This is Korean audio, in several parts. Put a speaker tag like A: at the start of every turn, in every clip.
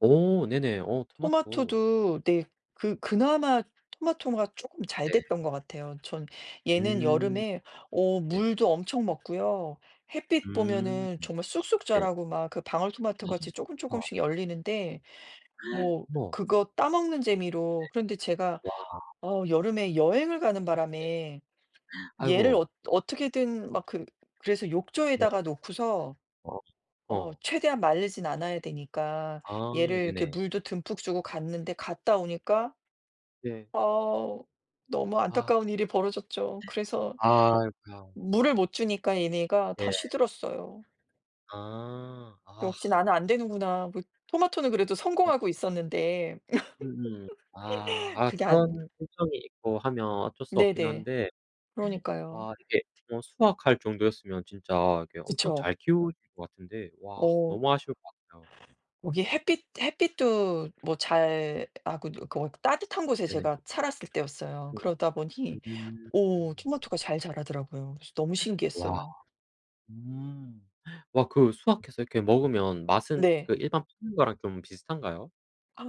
A: 어 네네. 어 토마토.
B: 토마토도 네 그 그나마 토마토가 쪼끔 잘
A: 네.
B: 됐던 것 같아요, 전. 얘는
A: 음.
B: 여름에 어
A: 네.
B: 물도 엄청 먹고요. 햇빛
A: 음.
B: 보면은 정말 쑥쑥
A: 네.
B: 자라고 막 그 방울토마토같이 조금
A: [unintelligible] 좋다.
B: 조금씩 열리는데 뭐
A: 우와.
B: 그것 따 먹는
A: 네.
B: 재미로 그런데 제가
A: 와.
B: 어 여름에 여행을 가는
A: 네.
B: 바람에 얘를
A: 아이고.
B: 어 어떻게든 막 그 그래서
A: 네.
B: 욕조에다가 놓고서
A: [unintelligible]
B: 어
A: 어.
B: 최대한 말리진 않아야 되니까
A: 아
B: 얘를 이렇게
A: 네네.
B: 물도 듬뿍 주고 갔는데 갔다 오니까
A: 네.
B: 아 너무
A: 아.
B: 안타까운 일이 벌어졌죠. 그래서
A: 아이고야.
B: 물을 못 주니까 얘네가 다
A: 네.
B: 시들었어요.
A: 아. 아.
B: 역시 나는 안 되는구나. 못 토마토는 그래도
A: 어.
B: 성공하고 있었는데
A: 음음. 아 아
B: 그게 아니야.
A: 그런 단점이 있고 하면 어쩔 수 없긴
B: 네네.
A: 한데
B: 그러니까요.
A: 아 이게 뭐 수확할 정도였으면 진짜 이렇게 엄청
B: 그쵸.
A: 잘 키우실 것 같은데 와
B: 어.
A: 너무 아쉬울 것 같아요.
B: 여기 햇빛 햇빛도 뭐 잘 아 그 누 그 어 따뜻한 곳에
A: 네네.
B: 제가 살았을 때였어요. 그러다 보니 오 토마토가
A: [unintelligible]
B: 잘 자라더라고요. 그래서 너무
A: 와.
B: 신기했어요.
A: 음. 와 그 수확해서 이렇게 먹으면 맛은
B: 네.
A: 그 일반 파는 거랑 좀 비슷한가요?
B: 아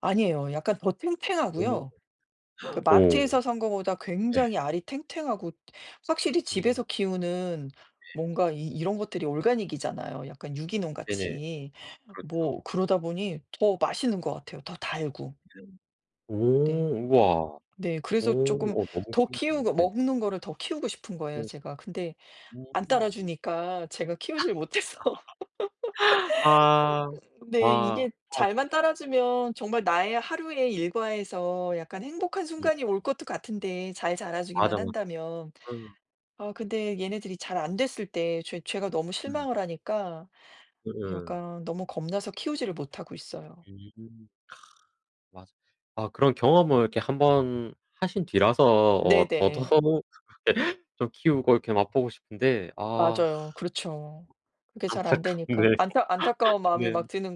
B: 아니에요. 약간 더
A: 어.
B: 탱탱하고요. 그
A: 어.
B: 마트에서
A: 네.
B: 산 거보다 굉장히 알이 탱탱하고 확실히
A: 오.
B: 집에서 키우는
A: 네.
B: 뭔가 이 이런 것들이 organic이잖아요 약간
A: 네네.
B: 유기농같이. [unintelligible] 뭐
A: 그렇죠.
B: 그러다 보니 더 맛있는 것 같아요, 더 달고.
A: 오
B: 네.
A: 우와.
B: 네 그래서 조금
A: 오 어 너무
B: 더
A: 신기하네요.
B: 키우고
A: 네네.
B: 먹는 거를 더 키우고 싶은 거예요
A: 어.
B: 제가. 근데 안
A: 음.
B: 따라주니까 제가 키우지를 못해서
A: 아.
B: 그래서 [unintelligible]
A: 아
B: 네 이게
A: 어.
B: 잘만 따라주면 정말 나의 하루의 일과에서 약간 행복한
A: 네.
B: 순간이 올 것도 같은데 잘
A: 맞아,
B: 자라주기만
A: 맞아.
B: 한다면.
A: 음.
B: 아 근데 얘네들이 잘 안 됐을 때 죄 죄가 너무
A: 음.
B: 실망을 하니까
A: 예예.
B: 약간 너무 겁나서 키우지를 못하고 있어요.
A: 음. 맞아. 아 그런 경험을 이렇게 1 번 하신 뒤라서 어 더 더
B: 네네.
A: [unintelligible] 좀 키우고 이렇게 맛보고 싶은데, 아.
B: 맞아요. 그렇죠. 그게 잘 안
A: 안타깝네요.
B: 되니까 안타 안타까운 마음이
A: 네.
B: 막 드는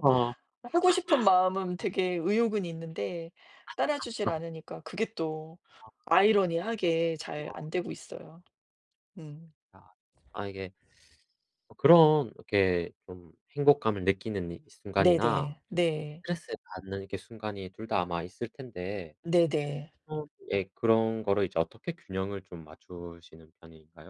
A: 아.
B: 아 하고 싶은 마음은
A: 어.
B: 되게 의욕은 있는데 따라주질 않으니까 그게 또
A: 아.
B: 아이러니하게 잘
A: 아.
B: 안되고 있어요. 음.
A: 아. 아 이게 어 그런 이렇게 좀 행복감을 느끼는 이 순간이나
B: 네네 네.
A: 스트레스를 받는 이렇게 순간이 둘 다 아마 있을 텐데
B: 네네.
A: 어 예 그런 거를 이제 어떻게 균형을 좀 맞추시는 편인가요?